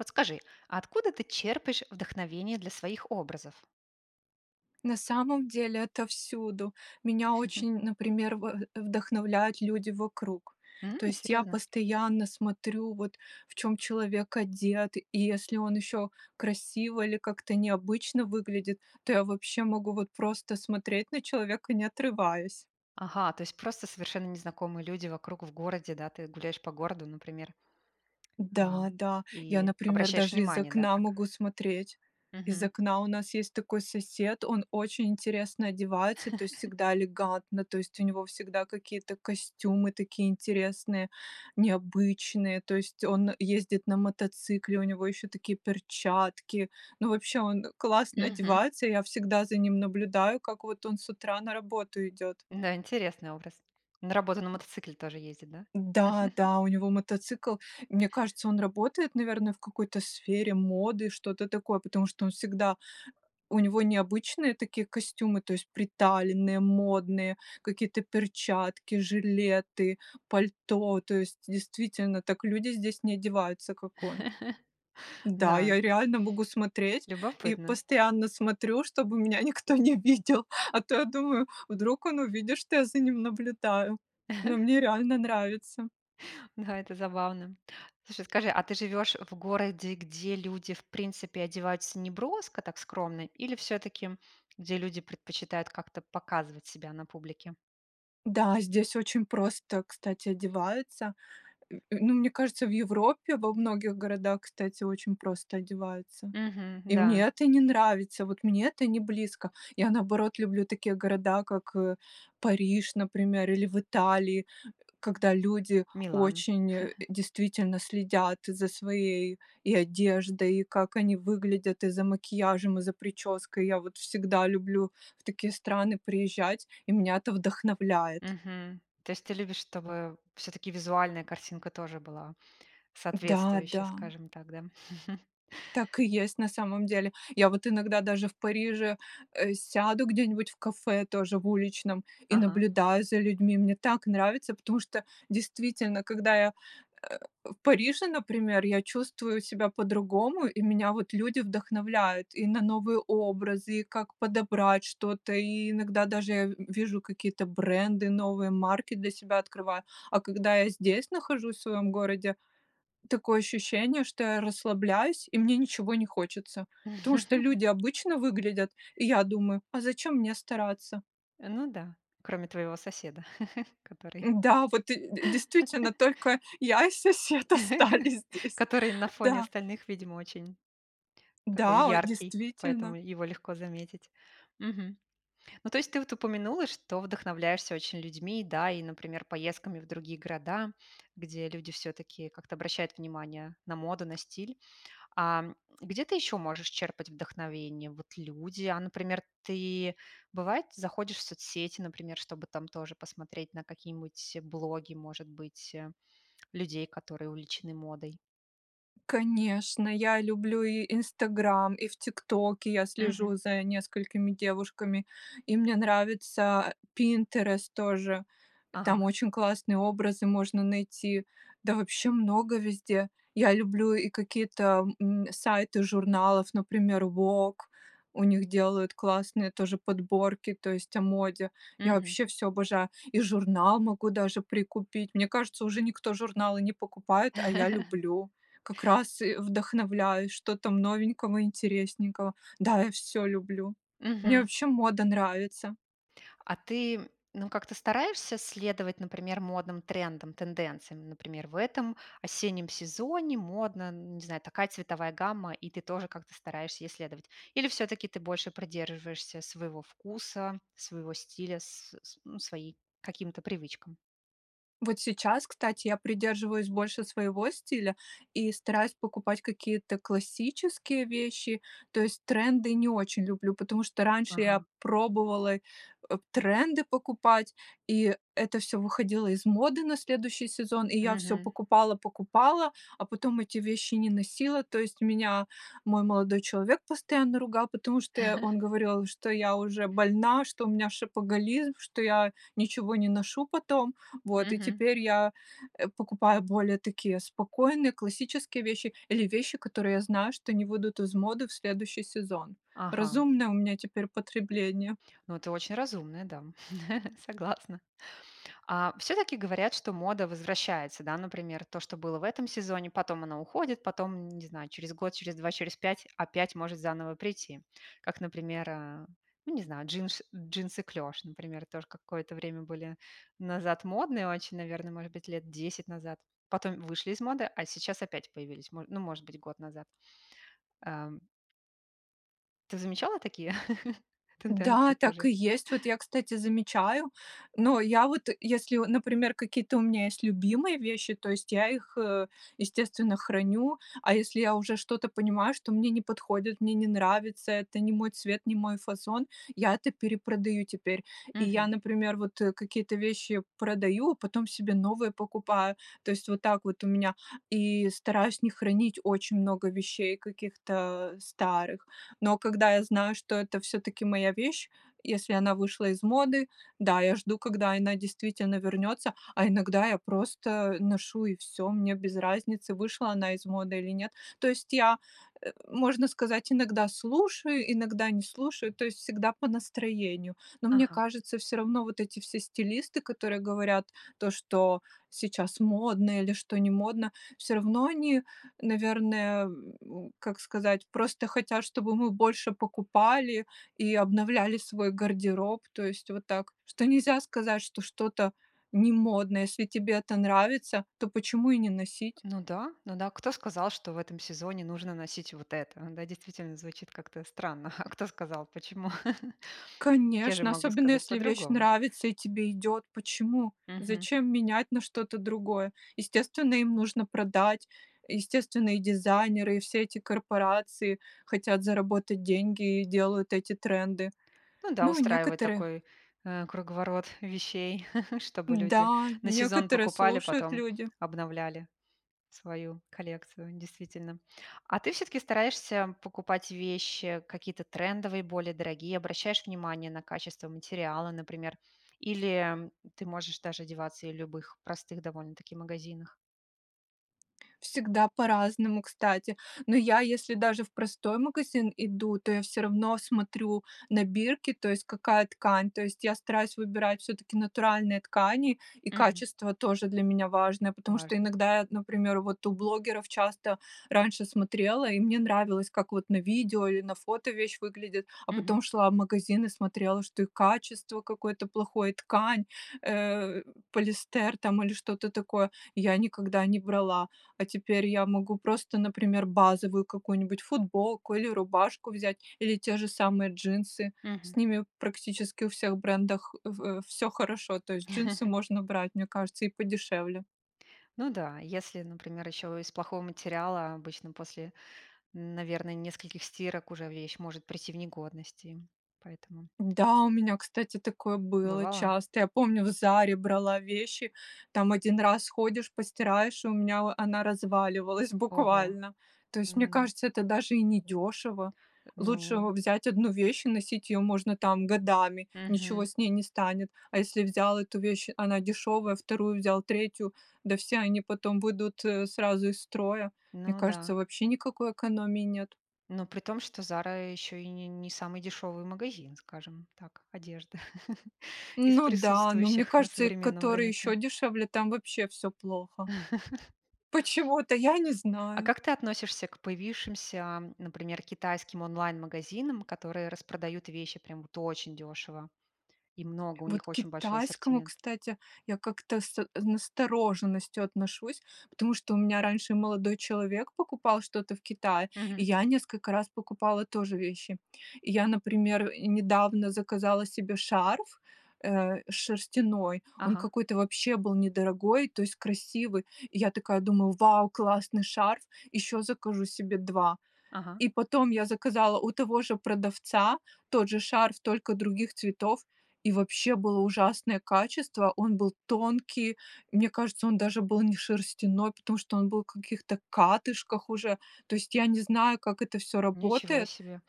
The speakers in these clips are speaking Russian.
Вот скажи, а откуда ты черпаешь вдохновение для своих образов? На самом деле это всюду. Меня очень, например, в вдохновляют люди вокруг. То М, есть я серьезно? постоянно смотрю, вот, в чем человек одет, и если он еще красиво или как-то необычно выглядит, то я вообще могу вот просто смотреть на человека, не отрываясь. Ага, то есть просто совершенно незнакомые люди вокруг в городе, да. Ты гуляешь по городу, например. А, Да-да, я, и например, обращаешь даже из внимание, да, окна как могу смотреть. Из Мгм. окна у нас есть такой сосед, он очень интересно одевается, то есть всегда элегантно, то есть у него всегда какие-то костюмы такие интересные, необычные, то есть он ездит на мотоцикле, у него еще такие перчатки. Ну, вообще он классно Мгм. одевается, я всегда за ним наблюдаю, как вот он с утра на работу идет. Да, интересный образ. На работу на мотоцикле тоже ездит, да? Да-да, у него мотоцикл. Мне кажется, он работает, наверное, в какой-то сфере моды, что-то такое, потому что он всегда у него необычные такие костюмы, то есть приталенные, модные, какие-то перчатки, жилеты, пальто, то есть действительно так люди здесь не одеваются, как он. Да, Да. я реально могу смотреть и Любопытно. постоянно смотрю, чтобы меня никто не видел, а то я думаю: "Вдруг он увидит, что я за ним наблюдаю?" Но мне реально нравится! Да, это забавно! Слушай, скажи, а ты живешь в городе, где люди, в принципе, одеваются неброско, так, скромно, или всё-таки где люди предпочитают как-то показывать себя на публике? Да, здесь очень просто, кстати, одеваются. Э, ну, мне кажется, в Европе во многих городах, кстати, очень просто одеваются. Мгм, И мне да. это не нравится. Вот мне это не близко. Я, наоборот, люблю такие города, как, э, Париж, например, или в Италии, э, когда люди Милан. очень, э, действительно следят за своей и одеждой, и как они выглядят, и за макияжем, и за прической. Я вот всегда люблю в такие страны приезжать, и меня это вдохновляет. Мгм, то есть ты любишь, чтобы всё-таки визуальная картинка тоже была Да, соответствующая, да. скажем так, да? Так и есть на самом деле. Я вот иногда даже в Париже, э, сяду где-нибудь в кафе тоже в уличном и Ага. наблюдаю за людьми. Мне так нравится, потому что действительно, когда я, э, в Париже, например, я чувствую себя по-другому, и меня вот люди вдохновляют и на новые образы, и как подобрать что-то, и иногда даже в вижу какие-то бренды, новые марки для себя открываю. А когда я здесь нахожусь в своем городе, такое ощущение, что я расслабляюсь и мне ничего не хочется, потому что люди обычно выглядят, и я думаю: "А зачем мне стараться?" Ну да. Кроме твоего соседа, который Да, вот, э, д действительно, только я и сосед остались здесь. Который на фоне Да. остальных, видимо, очень такой Да, о яркий, поэтому действительно. его легко заметить. Мгм. Ну, то есть ты вот упомянула, что вдохновляешься очень людьми, да? И, например, поездками в другие города, где люди всё-таки как-то обращают внимание на моду, на стиль. А, м, где ты еще можешь черпать вдохновение? Вот люди, а, например, ты, бывает, заходишь в соцсети, например, чтобы там тоже посмотреть на какие-нибудь блоги, может быть, людей, которые увлечены модой. Конечно, я люблю и "Инстаграм", и в "Тиктоке" я слежу Мгм. за несколькими девушками, и мне нравится "Пинтерест" тоже. Там Ага. очень классные образы можно найти, да вообще много везде. Я люблю и какие-то, м, сайты журналов, например, "Вог", у них делают классные тоже подборки, то есть о моде. Я Мгм. вообще всё обожаю, и журнал могу даже прикупить. Мне кажется, уже никто журналы не покупает, а я люблю как раз и вдохновляюсь, что там новенького, интересненького. Да, я всё люблю, мне Мгм. вообще мода нравится. А ты, м, ну, как-то стараешься следовать, например, модным трендам, тенденциям? Например, в этом осеннем сезоне модно, н не знаю, такая цветовая гамма, и ты тоже как-то стараешься ей следовать? Или всё-таки ты больше придерживаешься своего вкуса, своего стиля, св ну, своим каким-то привычкам? Вот сейчас, кстати, я придерживаюсь больше своего стиля и стараюсь покупать какие-то классические вещи, то есть тренды не очень люблю, потому что раньше я Ага. пробовала, э, тренды покупать, и это всё выходило из моды на следующий сезон, и я всё Мгм. покупала-покупала, а потом эти вещи не носила. То есть у меня мой молодой человек постоянно ругал, потому что он говорил, что я уже больна, что у меня шопоголизм, что я ничего не ношу потом, вот, и Мгм. теперь я, э, покупаю более такие спокойные классические вещи или вещи, которые я знаю, что не выйдут из моды в следующий сезон. Ага. Разумное у меня теперь потребление. Ну, ты очень разумная дама, согласна. А, всё-таки говорят, что мода возвращается, да, например, то, что было в этом сезоне, потом она уходит, потом н не знаю, через год, через 2, через 5 опять может заново прийти. Как, например, а, ну не знаю, джинш джинсы-клеш, например, тоже какое-то время были назад модные очень, наверно, может быть, 10 назад, потом вышли из моды, а сейчас опять появились, мо ну, может быть, год назад. Ам. Ты замечала такие тенденции Да, так тоже? и есть. Вот я, кстати, замечаю но я вот если, вот, например, какие-то у меня есть любимые вещи, то есть я их, э, естественно храню, а если я уже что-то понимаю, что мне не подходит, мне не нравится, это не мой цвет, не мой фасон- я это перепродаю теперь. И я, Мгм. например, вот какие-то вещи продаю, потом себе новые покупаю, то есть вот так вот у меня, и стараюсь не хранить очень много вещей каких-то старых. Но когда я знаю, что это всё-таки моя вещь, если она вышла из моды, да, я жду, когда она действительно вернется, а иногда я просто ношу и всё, мне без разницы, вышла она из моды или нет. То есть я, э, можно сказать, иногда слушаю, иногда не слушаю, то есть всегда по настроению. Но мне Ага. кажется, всё равно вот эти все стилисты, которые говорят то, что сейчас модно или что не модно, всё равно они, наверное, э, ну, как сказать, просто хотят, чтобы мы больше покупали и обновляли свой гардероб, то есть вот так, что нельзя сказать, что что-то не модное, если тебе это нравится, то почему и не носить? Ну да, ну да. Кто сказал, что в этом сезоне нужно носить вот это? Да, действительно, звучит как-то странно. А кто сказал, почему? Я же Конечно, могу особенно сказать если вещь по-другому. нравится и тебе идет. Почему? Мгм. Зачем менять на что-то другое? Естественно, им нужно продать, естественно, и дизайнеры, и все эти корпорации, хотят заработать деньги и делают эти тренды. Ну да, Ну, устраивает некоторые такой, э, круговорот вещей, чтобы люди Да, на сезон некоторые покупали, слушают потом люди. обновляли свою коллекцию, действительно. А ты всё-таки стараешься покупать вещи какие-то трендовые, более дорогие, обращаешь внимание на качество материала, например, или ты можешь даже одеваться и в любых простых довольно-таки магазинах? Всегда по-разному, кстати. Но я если даже в простой магазин иду, то я всё равно смотрю на бирки, то есть какая ткань, то есть я стараюсь выбирать всё-таки натуральные ткани, и Мгм. качество тоже для меня важное, потому что Важно. иногда, я вот, например, вот у блогеров часто раньше смотрела, и мне нравилось, как вот на видео или на фото вещь выглядит, а Мгм. потом шла в магазин и смотрела, что и качество какое-то плохое, ткань, э, полиэстер там или что-то такое я никогда не брала. А теперь я могу просто, например, базовую какую-нибудь футболку или рубашку взять или те же самые джинсы. С Мгм. ними практически у всех брендах, э, в всё хорошо, то есть джинсы можно брать, мне кажется, и подешевле. Ну да. Если, например, еще из плохого материала, обычно после, наверное, нескольких стирок уже вещь может прийти в негодность и поэтому Да, у меня, кстати, такое было Бывало? часто. Я помню в "Заре" брала вещи, там 1 раз ходишь, постираешь, и у меня во она разваливалась Ого! буквально. То есть, мне М. кажется, это даже и недешево. Э, Лучше ну взять 1 вещь и носить ее можно, там, годами, ничего Мгм. с ней не станет. А если взял эту вещь, она дешевая, 2 взял, 3- да все они потом выйдут сразу из строя. Мне Ну кажется, да. вообще никакой экономии нет. Ну, притом, что "Зара" еще и не не самый дешевый магазин, скажем так, одежды из Ну да, но мне присутствующих на кажется, и современном который рынке. еще дешевле, там вообще всё плохо. Почему-то, я не А знаю. как ты относишься к появившимся, например, китайским онлайн-магазинам, которые распродают вещи прямо вот очень дешево и много, у Вот них к очень большой китайскому, ассортимент? кстати, я как-то с настороженностью отношусь, потому что у меня раньше молодой человек покупал что-то в Китае, и Мгм. я несколько раз покупала тоже вещи. Я, например, недавно заказала себе шарф, э, шерстяной, он Ага. какой-то вообще был недорогой, то есть красивый. Я такая думала: "Вау, классный шарф! Еще закажу себе 2". Ага. И потом я заказала у того же продавца тот же шарф, только других цветов, и вообще было ужасное качество. Он был тонкий, мне кажется, он даже был не шерстяной, потому что он был в каких-то катышках уже. То есть я не знаю, как это всё Ничего работает себе!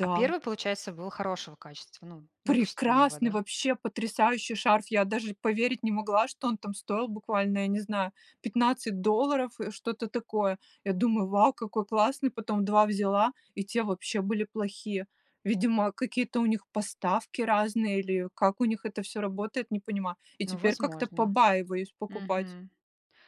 А 1, получается, был хорошего качества, ну, допустимого, Прекрасный, да? вообще потрясающий шарф! Я даже поверить не могла, что он там стоил буквально, я не знаю, 15 долларов, э, что-то такое. Я думаю: "Вау, какой классный!" Потом 2 взяла, и те вообще были плохие. Видимо, какие-то у них поставки разные или как у них это всё работает, не понимаю. И Ну, теперь как-то возможно. побаиваюсь покупать. Мгм.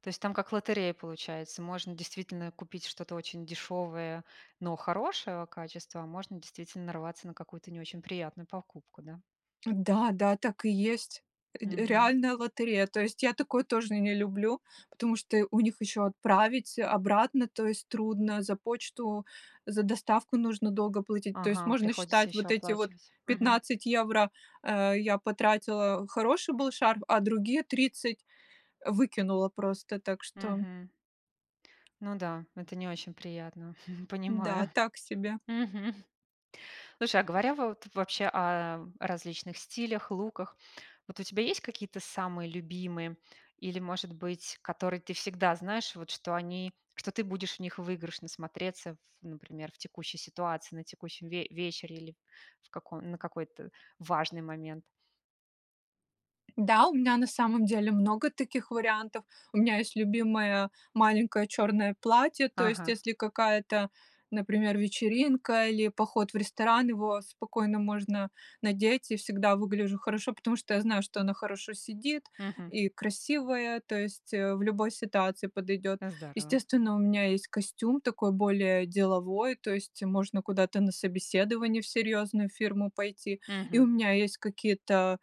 То есть там как лотерея получается. Можно действительно купить что-то очень дешевое, но хорошего качества, а можно действительно нарваться на какую-то не очень приятную покупку, да. Да, да, так и есть. Ре Мгм. реальная лотерея. То есть я такое тоже не люблю, потому что у них ещё отправить обратно, то есть трудно, за почту, за доставку нужно долго платить. То есть Ага. можно Приходится считать, ещё вот эти вот оплачивать. Мгм. 15 евро, а, я потратила- хороший был шарф, а другие 30 выкинула просто. Так что Мгм. Ну да, это не очень приятно, Да, понимаю. так себе. Мгм. Слушай, а говоря в вот вообще о различных стилях, луках. Вот у тебя есть какие-то самые любимые или, может быть, которые ты всегда знаешь, вот что они что ты будешь в них выигрышно смотреться в, например, в текущей ситуации, на текущем ве вечере или в каком на какой-то, э, важный момент? Да, у меня на самом деле много таких вариантов. У меня есть любимое маленькое черное платье, то есть Ага. если какая-то, например, вечеринка или поход в ресторан, его спокойно можно надеть, и всегда выгляжу хорошо, потому что я знаю, что оно хорошо сидит Мгм. и красивое, то есть, э, в любой ситуации подойдет. Э, здорово. Естественно, у меня есть костюм такой более деловой, то есть можно куда-то на собеседование в серьезную фирму пойти. И у Мгм. меня есть какие-то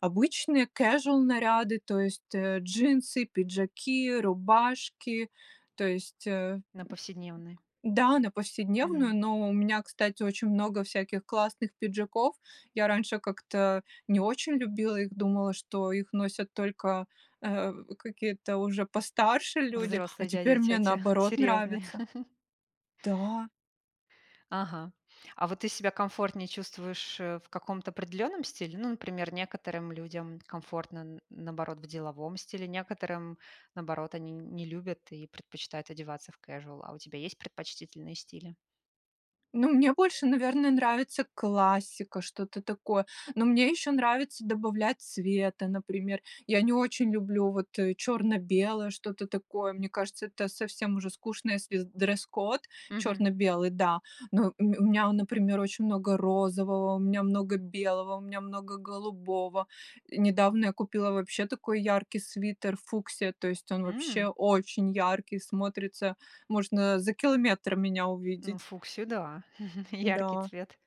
обычные кэжуал наряды, то есть, э, джинсы, пиджаки, рубашки. То есть, э На повседневный. Да, на повседневную. Мгм. Но у меня, кстати, очень много всяких классных пиджаков. Я раньше как-то, а, не очень любила их, думала, что их носят только, э, какие-то уже постарше люди, а Взрослые дяди теперь и мне, тетя, наоборот, серьезные. нравится. Да. Ага. А вот ты себя комфортнее чувствуешь, э, в каком-то определенном стиле? Ну, например, некоторым людям комфортно н наоборот в деловом стиле, некоторым, наоборот, они н не любят и предпочитают одеваться в кэжуал. А у тебя есть предпочтительные стили? Ну, мне больше, наверно, нравится классика, что-то такое. Но мне еще нравится добавлять цвета, например. Я не очень люблю вот, э, черно-белое, что-то такое. Мне кажется, это совсем уже скучно, если дресс-код Мгм. черно-белый, да. Но у ме у меня, а например, очень много розового, у меня много белого, у меня много голубого. Э, недавно я купила вообще такой яркий свитер фуксия, то есть он вообще М. очень ярко смотрится, можно за километр меня Ну, увидеть. фуксия, да. Яркий Да. цвет.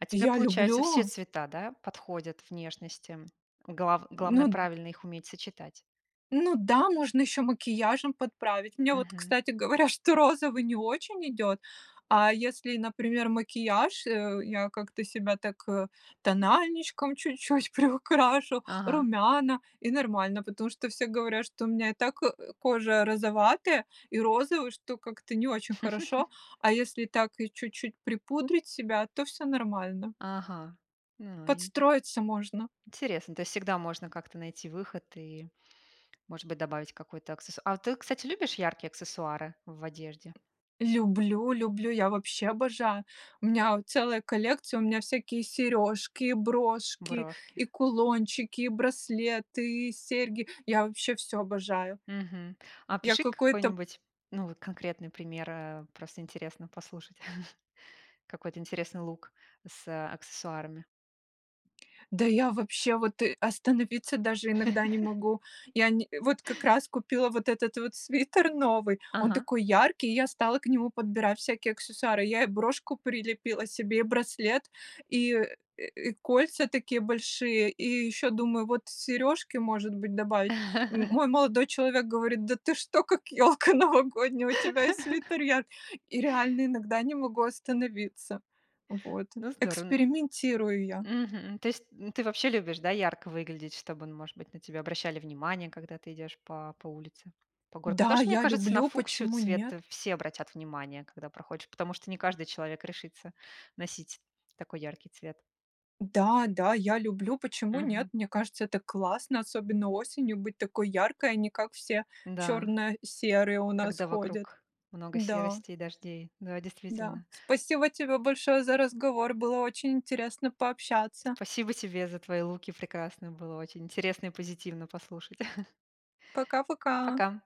А тебе, Я получается, все люблю! цвета, да, подходят внешности? Глав главное, Ну правильно их уметь сочетать? Ну да, можно еще макияжем подправить. Мне вот, Мгм. кстати говоря, что розовый не очень идет, а если, например, макияж, а, я как-то себя так, э, тональничком чуть-чуть приукрашу, Ага. румяна и нормально. Потому что все говорят, что у меня и так, э, кожа розоватая и розовый, что как-то не очень хорошо, а если так и чуть-чуть припудрить себя, то всё нормально. Ага. Новень Подстроиться можно. Интересно. То есть всегда можно как-то найти выход и, может быть, добавить какой-то аксессу А ты, кстати, любишь яркие аксессуары в одежде? Люблю люблю, я вообще обожаю! У меня вот целая коллекция, у меня всякие сережки, брошки, Брошки. и кулончики, и браслеты, и серьги. Я вообще всё обожаю! Мгм. А Я опиши какой-то какой-нибудь, ну, вот конкретный пример, э, просто интересно послушать, какой-то интересный лук с, а, аксессуарами. Да я, вообще, вот, э, остановиться даже иногда не могу. Я не, э, вот как раз купила вот этот вот свитер новый, он Ага. такой яркий. И я стала к нему подбирать всякие аксессуары. Я и брошку прилепила себе, и браслет, и, э, э, и кольца такие большие, и еще думаю вот сережки, может быть, добавить. М мой молодой человек говорит: "Да ты что, как ёлка новогодняя, у тебя и свитер яркий!" И реально иногда не могу остановиться. Вот. Ну, здорово, н Экспериментирую я. Мгм. То есть н ты вообще любишь, да, ярко выглядеть, чтобы, ну, может быть, на тебя обращали внимание, когда ты идешь по по улице, по городу. Потому Да, что, мне я кажется, на люблю, фуксию почему цвет нет? все обратят внимание, когда проходишь, потому что не каждый человек решится носить такой яркий цвет. Да, да, я люблю, почему нет. Мгм. Мне кажется, это классно, особенно осенью быть такой яркой, а не как все Н-да. черно-серые у нас Когда ходят. вокруг много Да. серости и дождей. Да, Да. действительно. Спасибо тебе большое за разговор. Было очень интересно пообщаться! Спасибо тебе за твои луки прекрасные. Было очень интересно и позитивно послушать. Пока-пока! Пока!